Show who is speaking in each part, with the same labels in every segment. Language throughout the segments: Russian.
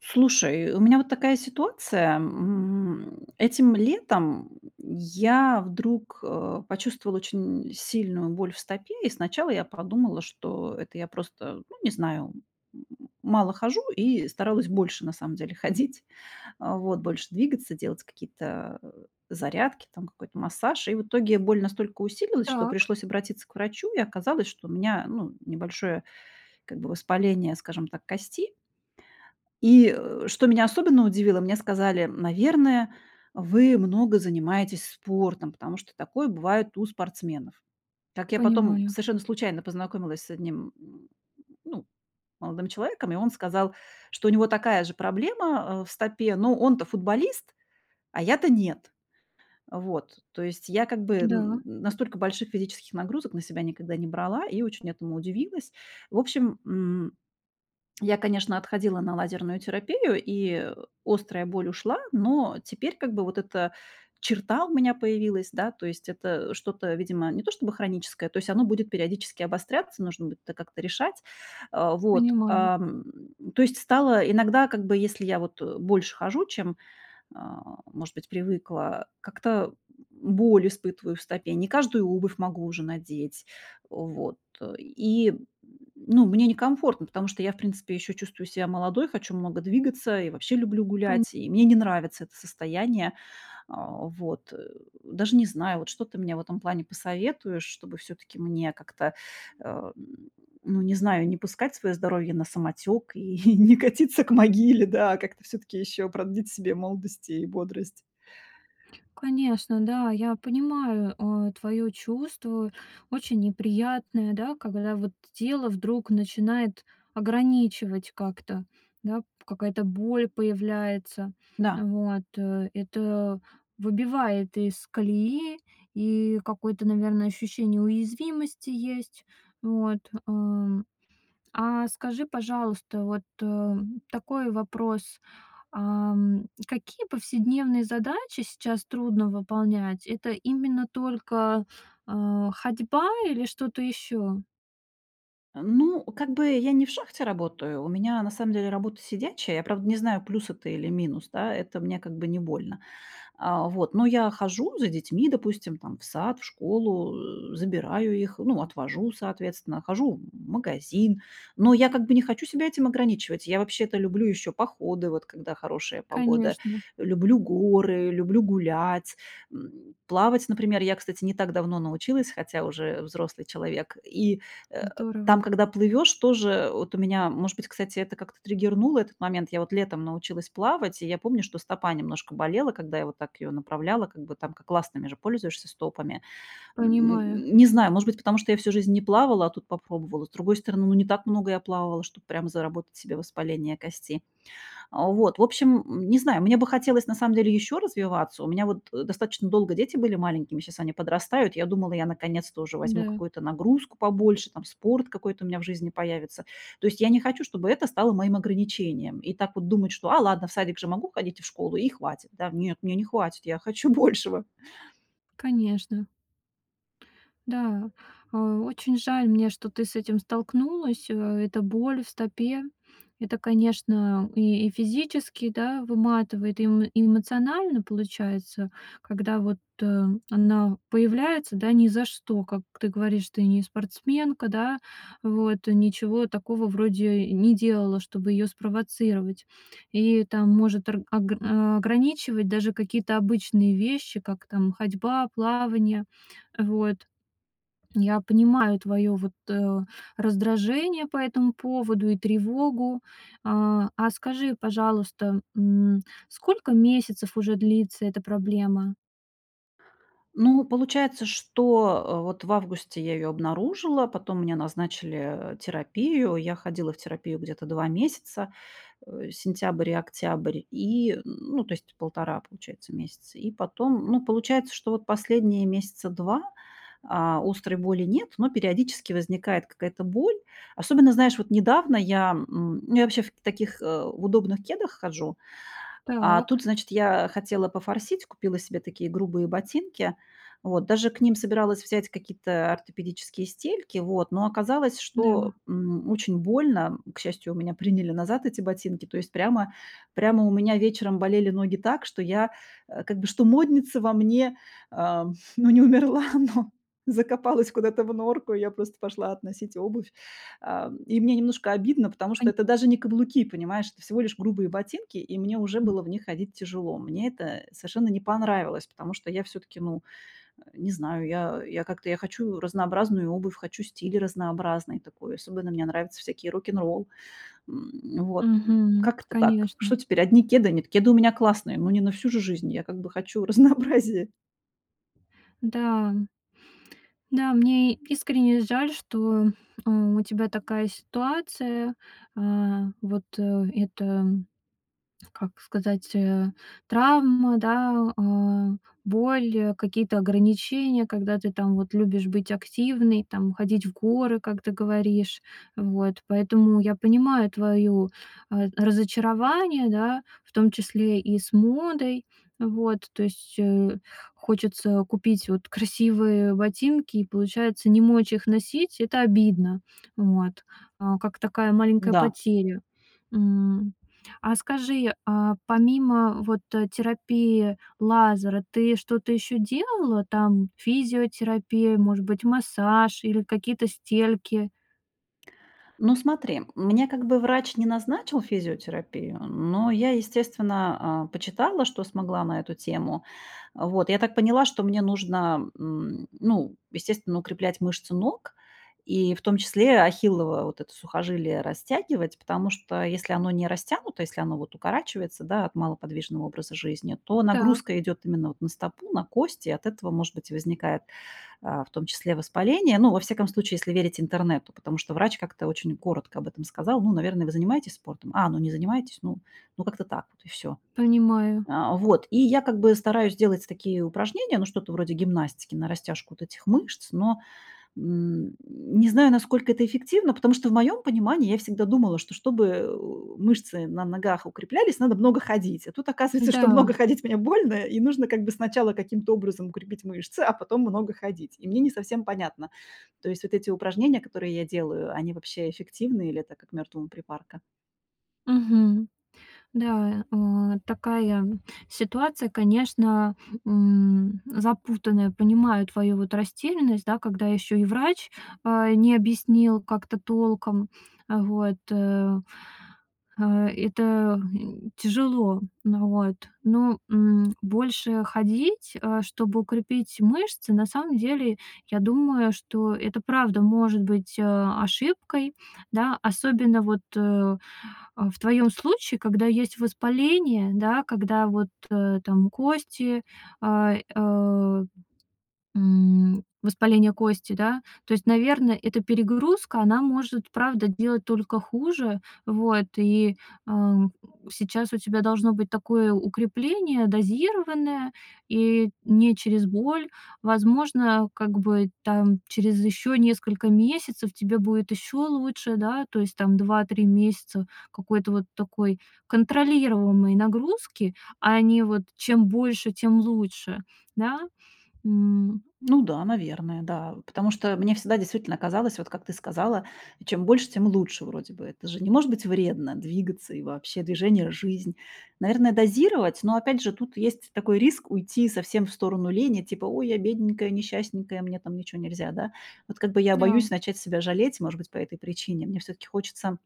Speaker 1: Слушай, э, у меня вот такая ситуация, м. Этим летом я вдруг, э, почувствовала очень сильную боль в стопе. И сначала я подумала, что это я просто, ну, не знаю, м, мало хожу, и старалась больше, на самом деле, ходить, вот больше двигаться, делать какие-то, э, зарядки, там какой-то массаж. И в итоге боль настолько усилилась, что
Speaker 2: Так.
Speaker 1: пришлось обратиться к врачу, и оказалось, что у меня, ну, небольшое как бы воспаление, скажем так, кости. И, э, что меня особенно удивило, мне сказали: "Наверное, вы много занимаетесь спортом, потому что такое бывает у спортсменов". Как я потом
Speaker 2: Понимаю.
Speaker 1: совершенно случайно познакомилась с одним, м, ну, молодым человеком, и он сказал, что у него такая же проблема, э, в стопе, но он-то футболист, а я-то нет, вот. То есть я как бы н
Speaker 2: Да.
Speaker 1: настолько больших физических нагрузок на себя никогда не брала и очень этому удивилась. В общем, м, я, конечно, отходила на лазерную терапию, и острая боль ушла, но теперь как бы вот эта черта у меня появилась, да. То есть это что-то, видимо, не то чтобы хроническое, то есть оно будет периодически обостряться, нужно будет как-то решать. А, вот,
Speaker 2: Понимаю.
Speaker 1: ам, то есть стало иногда, как бы, если я вот больше хожу, чем, а, может быть, привыкла, как-то, м, боль испытываю в стопе, не каждую обувь могу уже надеть, вот, и, ну, мне некомфортно, потому что я, в принципе, ещё чувствую себя молодой, хочу много двигаться и вообще люблю
Speaker 2: Коне
Speaker 1: гулять, и мне не нравится это состояние. А вот, э, даже не знаю, вот что ты мне в этом плане посоветуешь, чтобы всё-таки мне как-то, э, ну, не знаю, не пускать своё здоровье на самотёк и не катиться к могиле, да, а как-то всё-таки ещё продлить себе молодость и бодрость.
Speaker 2: Конечно, да. Я понимаю, э, твоё чувство. Очень неприятное, да, когда вот тело вдруг начинает ограничивать как-то, да, какая-то боль появляется.
Speaker 1: Да.
Speaker 2: Вот, э, это выбивает из колеи, и какое-то, наверное, ощущение уязвимости есть. Вот, эм. А скажи, пожалуйста, вот, эм, такой вопрос. Ам, какие повседневные задачи сейчас трудно выполнять? Это именно только, а, ходьба или что-то ещё?
Speaker 1: Э, ну, как бы, я не в шахте работаю, у меня на самом деле работа сидячая. Я, правда, не знаю, плюс это или минус. Да, это мне, как бы не, больно. Э, вот, но я хожу за детьми, допустим, там в сад, в школу, э, забираю их, ну отвожу, соответственно, хожу, м, в магазин. Но я как бы не хочу себя этим ограничивать. Я вообще-то люблю ещё походы, вот когда хорошая погода,
Speaker 2: Конечно.
Speaker 1: люблю горы, люблю гулять, м. Плавать, например, я, кстати, не так давно научилась, хотя уже взрослый человек. И, э, там,
Speaker 2: Здорово.
Speaker 1: когда плывёшь, тоже вот у меня, может быть, кстати, это как-то триггернуло этот момент. Я вот летом научилась плавать, и я помню, что стопа немножко болела, когда я вот так её направляла. Как бы, там как ластами же пользуешься стопами.
Speaker 2: Понимаю.
Speaker 1: М, не знаю, может быть, потому что я всю жизнь не плавала, а тут попробовала. С другой стороны, ну не так много я плавала, чтоб прямо заработать себе воспаление кости. Вот, в общем, не знаю, мне бы хотелось на самом деле ещё развиваться. У меня вот, э, достаточно долго дети были маленькими, щас они подрастают. Я думала, я наконец-то уже возьму
Speaker 2: Да.
Speaker 1: какую-то нагрузку побольше, там спорт какой-то у меня в жизни появится. То есть я не хочу, чтобы это стало моим ограничением, и так вот думать, что: "А ладно, в садик же могу ходить и в школу, и хватит". Да нет, мне не хватит, я хочу большего.
Speaker 2: Конечно. Да, э, очень жаль мне, что ты с этим столкнулась. Э, эта боль в стопе. Это, конечно, и физически, да, выматывает, и эмо и эмоционально получается, когда вот, э, она появляется, да, ни за что. Как ты говоришь, ты не спортсменка, да? Вот ничего такого вроде и не делала, чтобы её спровоцировать. И там может орг огр ограничивать даже какие-то обычные вещи, как там ходьба, плавание. Вот. Я понимаю твоё вот, э, раздражение по этому поводу и тревогу. А, а скажи, пожалуйста, м, сколько месяцев уже длится эта проблема?
Speaker 1: Ну, получается, что, э, вот в августе я её обнаружила, потом мне назначили, э, терапию. Я ходила в терапию где-то 2 месяца, э, сентябрь и октябрь, и, м, ну, то есть 1,5 получается месяца, и потом Ну, получается, что вот последние месяца 2, а, острой боли нет, но периодически возникает какая-то боль. Особенно, знаешь, вот недавно я, м, ну, я вообще в таких, э, удобных кедах хожу, а тут,
Speaker 2: Так.
Speaker 1: значит, я хотела пофорсить, купила себе такие грубые ботинки. Вот, даже к ним собиралась взять какие-то ортопедические стельки, вот, но оказалось,
Speaker 2: Да.
Speaker 1: что, м, очень больно. К счастью, у меня приняли назад эти ботинки. То есть прямо прямо у меня вечером болели ноги так, что я, э, как бы, что модница во мне, ам, ну, не умерла, но закопалась куда-то в норку. И я просто пошла относить обувь. Ам, и мне немножко обидно, потому
Speaker 2: Кань
Speaker 1: что это даже не каблуки, понимаешь, это всего лишь грубые ботинки, и мне уже
Speaker 2: М.
Speaker 1: было в них ходить тяжело. Мне это совершенно не понравилось, потому что я всё-таки, ну, э, не знаю, я я как-то, я хочу разнообразную обувь, хочу стиль разнообразный такой, особенно мне нравятся всякие рок-н-ролл. М, вот. Э,
Speaker 2: Мгм.
Speaker 1: как-то так,
Speaker 2: Конечно.
Speaker 1: что теперь одни кеды? Нет, кеды у меня классные, но не на всю же жизнь, я как бы хочу разнообразие.
Speaker 2: Да, да, мне искренне жаль, что, а, у тебя такая ситуация. А вот, э это, как сказать, э, травма, да, а, боль, э, какие-то ограничения, когда ты, там, вот, любишь быть активной, там, ходить в горы, как ты говоришь. А вот, поэтому я понимаю твою, э, разочарование, да, в том числе и с модой. А вот, то есть, э, хочется купить вот красивые ботинки и, получается, не мочь их носить. Это обидно, вот, а, как такая маленькая
Speaker 1: М-да.
Speaker 2: потеря, м. А скажи, а помимо вот, э, терапии, лазера, ты что-то ещё делала? Там физиотерапия, может быть, массаж или какие-то стельки?
Speaker 1: Ну, смотри, мне как бы врач не назначил физиотерапию, но я, естественно, а, почитала, что смогла на эту тему. А вот, я так поняла, что мне нужно, м, ну, естественно, укреплять мышцы ног и в том числе ахиллова вот это сухожилие растягивать, потому что если оно не растянуто, если оно укорачивается, да, от малоподвижного образа жизни, то
Speaker 2: Так.
Speaker 1: нагрузка идёт именно вот на стопу, на кости, и от этого, может быть, возникает, а, в том числе воспаление. Ну, во всяком случае, если верить интернету, потому что врач как-то очень коротко об этом сказал: "Ну, наверное, вы занимаетесь спортом, а, ну не занимаетесь, ну ну, как-то так вот и всё".
Speaker 2: Понимаю.
Speaker 1: А вот, и я как бы стараюсь делать такие упражнения, ну, что-то вроде гимнастики, на растяжку вот этих мышц, но, м, не знаю, насколько это эффективно, потому что в моём понимании я всегда думала, что чтобы, э, у э, мышцы на ногах укреплялись, надо много ходить. А тут оказывается, что
Speaker 2: Да.
Speaker 1: много ходить мне больно, и нужно как бы сначала каким-то образом укрепить мышцы, а потом много ходить. И мне не совсем понятно, то есть вот эти упражнения, которые я делаю, они вообще эффективны или это как мёртвому припарка?
Speaker 2: Мгм. Да, э, такая, м, ситуация, конечно, м, запутанная. Понимаю твою вот растерянность, да, когда ещё и врач, а, не объяснил как-то толком. А вот, э, а, это, м, тяжело. Вот. Но, м, больше ходить, а, чтобы укрепить мышцы, на самом деле, я думаю, что это правда может быть, а, ошибкой, да, особенно вот, э, а, в твоём случае, когда есть воспаление, да, когда вот, э, там кости, а, э, м, воспаление кости, да. То есть, наверное, эта перегрузка, она может, правда, делать только хуже, вот. И, ам, сейчас у тебя должно быть такое укрепление дозированное, и не через боль. Возможно, как бы, там, через ещё несколько месяцев тебе будет ещё лучше, да, то есть там 2-3 месяца какой-то вот такой контролируемой нагрузки, а не вот: "чем больше, тем лучше", да? М.
Speaker 1: Ну да, наверное, да. Потому что мне всегда действительно казалось, вот как ты сказала, чем больше, тем лучше, вроде бы. Это же не может быть вредно двигаться, и вообще, движение- жизнь. Наверное, дозировать, но, опять же, тут есть такой риск уйти совсем в сторону лени, типа: "Ой, я бедненькая, несчастненькая, мне там ничего нельзя, да". Вот, как бы, я
Speaker 2: Да.
Speaker 1: боюсь начать себя жалеть, может быть, по этой причине. Мне всё-таки хочется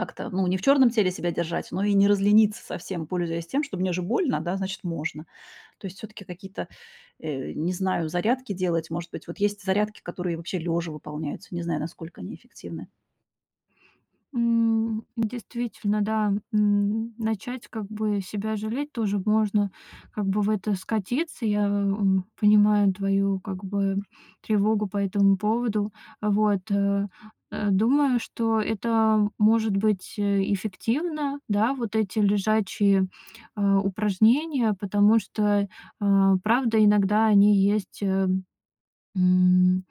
Speaker 1: как-то, ну, не в чёрном теле себя держать, но и не разлениться совсем, пользуясь тем, что мне же больно, значит, можно. То есть всё-таки какие-то, э, не знаю, зарядки делать. Может быть, вот есть зарядки, которые вообще лёжа выполняются. Не знаю, насколько они эффективны.
Speaker 2: М, действительно, да, м, начать как бы себя жалеть тоже можно как бы в это скатиться. Я, м, понимаю твою как бы тревогу по этому поводу. А вот, э, э, думаю, что это может быть эффективно, да, вот эти лежачие, а, упражнения, потому что, а, правда, иногда они есть, ам, м,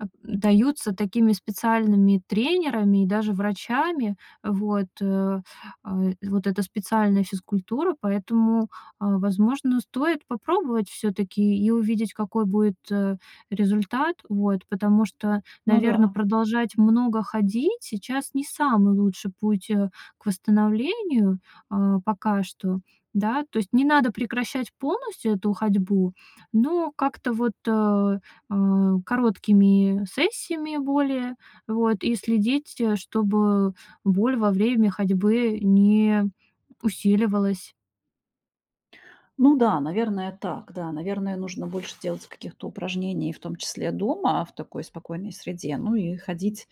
Speaker 2: а, даются такими специальными тренерами и даже врачами. А вот, э. А вот эта специальная физкультура. Поэтому, а, возможно, стоит попробовать всё-таки и увидеть, какой будет, э, результат. Вот. Потому что,
Speaker 1: Ну
Speaker 2: наверное,
Speaker 1: да.
Speaker 2: продолжать много ходить сейчас не самый лучший путь, э, к восстановлению, а, пока что. Да, то есть, не надо прекращать полностью эту ходьбу, но как-то вот, э, а, короткими сессиями более, а, вот, и следить, чтобы боль во время ходьбы не усиливалась.
Speaker 1: Ну да, наверное, так. Да, наверное, нужно больше делать каких-то упражнений, и в том числе дома, в такой спокойной среде. Ну и ходить,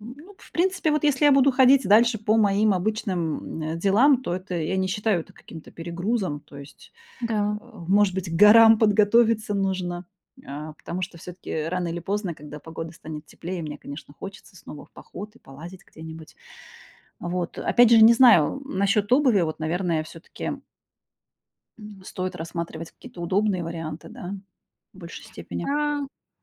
Speaker 1: м, ну, в принципе, вот если я буду ходить дальше по моим обычным, м, делам, то это, я не считаю это каким-то перегрузом. То есть,
Speaker 2: Да.
Speaker 1: а, может быть, к горам подготовиться нужно, а, потому что всё-таки рано или поздно, когда погода станет теплее, мне, конечно, хочется снова в поход и полазить где-нибудь. Вот, опять же, не знаю, м, насчёт обуви, вот, наверное, всё-таки м, стоит рассматривать какие-то удобные варианты, да, в большей степени.
Speaker 2: Да,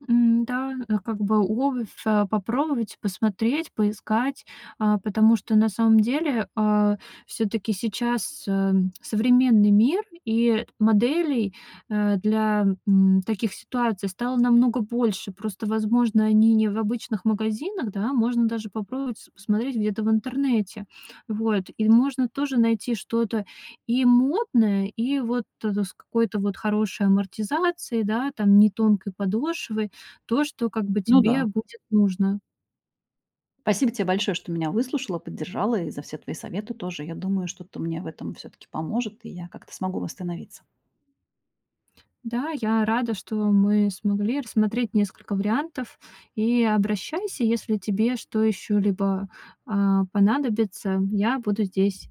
Speaker 2: м-да, э, как бы обувь, а, попробовать, посмотреть, поискать, а, потому что, на самом деле, а, всё-таки сейчас, эм, современный мир, и вот моделей, э, для, м, таких ситуаций стало намного больше. Просто, возможно, они не в обычных магазинах, да, можно даже попробовать посмотреть где-то в интернете. Вот, и можно тоже найти что-то и модное, и вот, э, с какой-то вот хорошей амортизацией, да, там, не тонкой подошвой, то, что как бы
Speaker 1: Ну
Speaker 2: тебе
Speaker 1: да.
Speaker 2: будет нужно.
Speaker 1: Спасибо тебе большое, что меня выслушала, поддержала, и за все твои советы тоже. Я думаю, что-то мне всё-таки поможет, и я как-то смогу восстановиться.
Speaker 2: Да, я рада, что мы смогли рассмотреть несколько вариантов, и обращайся, если тебе что еще-либо, а, понадобится, я буду здесь.